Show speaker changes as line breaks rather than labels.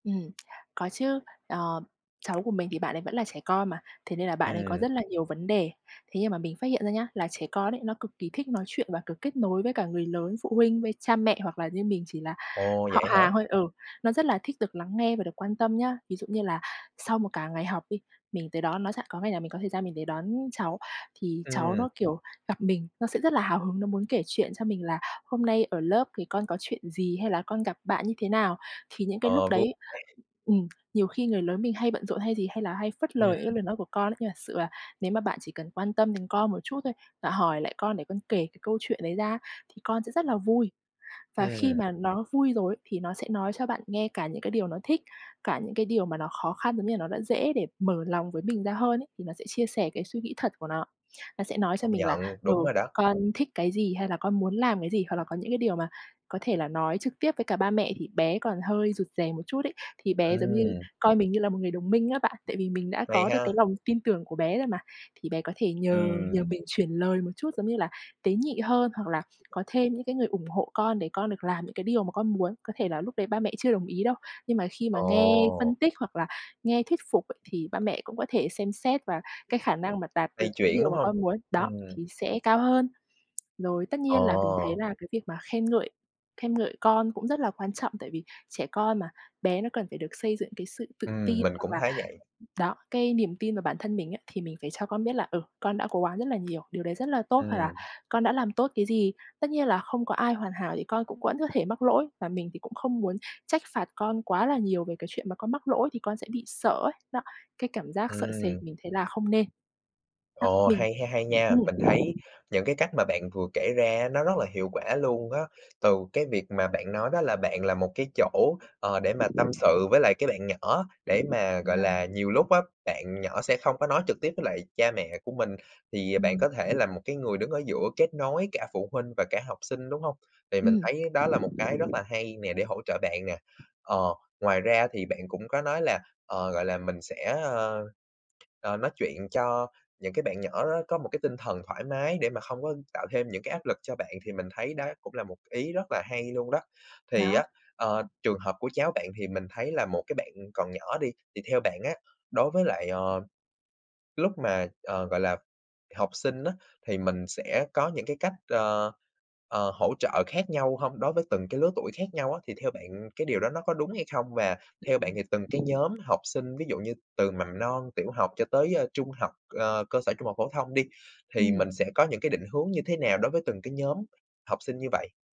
Ừm, có chứ. Ờm, cháu của mình thì bạn ấy vẫn là trẻ con mà, thế nên là bạn ấy có
Ừm.
rất là nhiều vấn đề. Thế nhưng mà mình phát hiện ra nhá, là trẻ con ấy, nó cực kỳ thích nói chuyện và cực kết nối với cả người lớn, phụ huynh, với cha mẹ, hoặc là như mình chỉ là
Ồ!
họ
Vậy hả?
hàng thôi ừ, nó rất là thích được lắng nghe và được quan tâm nhá. Ví dụ như là, sau một cả ngày học đi, mình tới đón nó ch có ngày nào mình có thời gian mình đến đón cháu, thì cháu
Ừm.
nó, kiểu, gặp mình nó sẽ rất là hào hứng, nó muốn kể chuyện cho mình là hôm nay ở lớp thì con có chuyện gì hay, là con gặp bạn như thế nào. Thì những cái lúc
Ờ, vui
đấy,
[unintelligible]
ừm, nhiều khi người lớn mình hay bận rộn, hay gì hay là hay phất lờ những cái
Ừm.
lời nói của con ấy. Nhưng thật là là nếu mà bạn chỉ cần quan tâm đến con một chút thôi, và hỏi lại con, để con kể cái câu chuyện đấy ra á, thì con sẽ rất là vui. Và khi
Ừm.
mà nó vui rồi ấy, thì nó sẽ nói cho bạn nghe cả những cái điều nó thích, cả những cái điều mà nó khó khăn, giống như là nó đã dễ để mở lòng với mình ra hơn ấy, thì nó sẽ chia sẻ cái suy nghĩ thật của nó. Nó sẽ nói cho
Công
mình là,
nhận,
ừ,
đúng rồi đó.
con thích cái gì, hay là con muốn làm cái gì, hoặc là có những cái điều mà có thể là nói trực tiếp với cả ba mẹ thì bé còn hơi rụt rè một chút ấy. Thì bé giống như
Ừm.
coi mình như là một người đồng minh á bạn, tại vì mình đã
Hay
có được cái
ha.
lòng tin tưởng của bé rồi mà, thì bé có thể nhờ nhờ
Ừm.
mình chuyển lời một chút, giống như là tế nhị hơn, hoặc là có thêm những cái người ủng hộ con, để con được làm những cái điều mà con muốn. Có thể là lúc đấy ba mẹ chưa đồng ý đâu, nhưng mà khi mà nghe phân
Ồ!
tích, hoặc là nghe thuyết phục ấy, thì ba mẹ cũng có thể xem xét và cái khả năng mà tạt được
Lay
cái
chuyển,
điều
đúng
mà
hông?
con muốn, đó,
Ừm.
thì sẽ cao hơn. Rồi tất nhiên là, mình thấy
Ờ.
là cái việc mà khen ngợi khen ngợi con cũng rất là quan trọng, tại vì trẻ con mà, bé nó cần phải được xây dựng cái sự tự
Ừm,
tin,
mình
hoặc
cũng
là
thấy vậy.
[unintelligible] đó, cái niềm tin vào bản thân mình á. Thì mình phải cho con biết là, ừ, con đã cố gắng rất là nhiều, điều đấy rất là tốt, hoặc là
Ừm.
con đã làm tốt cái gì. Tất nhiên là không có ai hoàn hảo, thì con cũng vẫn có thể mắc lỗi và mình thì cũng không muốn trách phạt con quá là nhiều về cái chuyện mà con mắc lỗi, thì con sẽ bị sợ ấy, đó, cái cảm giác sợ sệt
Ừm.
mình thấy là không nên. Đó
Ồ,
mình
hay ha, hay
ừ.
nha. Mình thấy những cái cách mà bạn vừa kể ra á, nó rất là hiệu quả luôn á. Từ cái việc mà bạn nói đó là, bạn là một cái chỗ, ờ, để mà tâm sự với lại cái bạn nhỏ, để mà,
Đúng
gọi
nồi.
là, nhiều lúc á, bạn nhỏ sẽ không có nói trực tiếp với lại cha mẹ của mình, thì, à, bạn
Ừm.
có thể là một cái người đứng ở giữa kết nối cả phụ huynh và cả học sinh, đúng hông? Thì mình
Ừm.
thấy đó là một cái rất là hay nè, để hỗ trợ bạn nè, ờ, ngoài ra thì bạn cũng có nói là, ờ, gọi là, mình sẽ, ơ, ờ, nói chuyện cho những cái bạn nhỏ đó, có một cái tinh thần thoải mái để mà không có tạo thêm những cái áp lực cho bạn, thì mình thấy đó cũng là một c ý rất là hay luôn đó. Thì á,
Đó.
ờ, trường hợp của cháu bạn, thì mình thấy là một cái bạn còn nhỏ đi, thì theo bạn á, đối với lại, ờm, lúc mà, ờ, gọi là, học sinh á, thì mình sẽ có những cái cách, ờ, ờ, hỗ trợ khác nhau hông? Đối với từng cái lứa tuổi khác nhau á, thì theo bạn cái điều đó nó có đúng hay không? Và theo bạn
Ừm.
thì từng cái nhóm học sinh, ví dụ như từ mầm non, tiểu học, cho tới, ơ, trung học, ờ, cơ sở, trung học phổ thông đi, thì mình
Ừm.
sẽ có những cái định hướng như thế nào đối với từng cái nhóm học sinh như vậy?